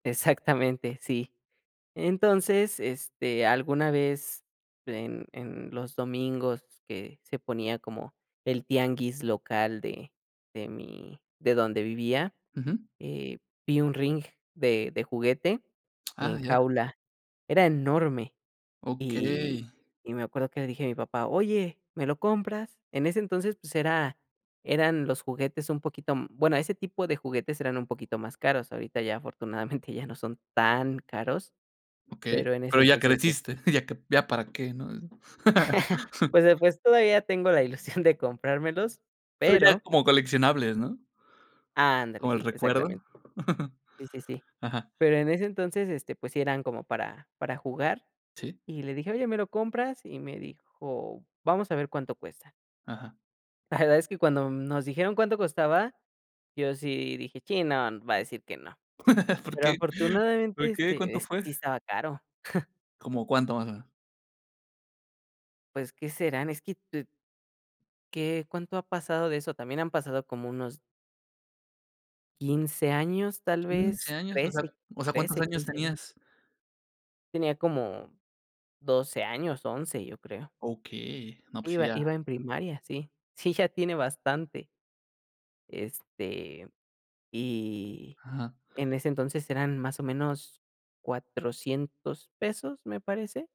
Exactamente, sí. Entonces, este, alguna vez en en los domingos que se ponía como el tianguis local de de mi de donde vivía, Ujú. eh, vi un ring de de juguete en Ah, ya. jaula, era enorme. Y Okey. y me acuerdo que le dije a mi papá: "Oye, ¿me lo compras?". En ese entonces, pues era eran los juguetes un poquito, mm, bueno, ese tipo de juguetes eran un poquito más caros, ahorita ya afortunadamente ya no son tan caros, Okey, pero en ese pero ya entonces, pues creciste, sí. ya que ya para qué, ¿no? Pues, eh, pues, todavía tengo la ilusión de comprármelos, Pero ya es pero como coleccionables, ¿no? Ándale, Como el sí. recuerdo. Exactamente. Sí, sí, sí. Ajá. Pero en ese entonces, este, pues sí eran como para para jugar Sí. y le dije: "Oye, ¿me lo compras?". Y me dijo: "Vamos a ver cuánto cuesta". Ajá. La verdad es que cuando nos dijeron cuánto costaba, yo sí dije: "Chin, no, va a decir que no." ¿Por Pero qué? afortunadamente, ¿Por qué? este, ¿Cuánto eh, fue? sí estaba caro. ¿Cómo cuánto más o menos? Pues, ¿qué serán? Es que, tu ¿Qué? ¿Cuánto ha pasado de eso? También han pasado como unos 15 años, tal ¿15 vez, años? O sea trece, o sea, ¿cuántos trece, años quince años. tenías? Tenía como 12 años, 11, yo creo. Okey. No, pues Iba ya iba en primaria, sí. Sí, ya tiene bastante. Este, y Ajá. en ese entonces eran más o menos, ¿$400 pesos? Me parece.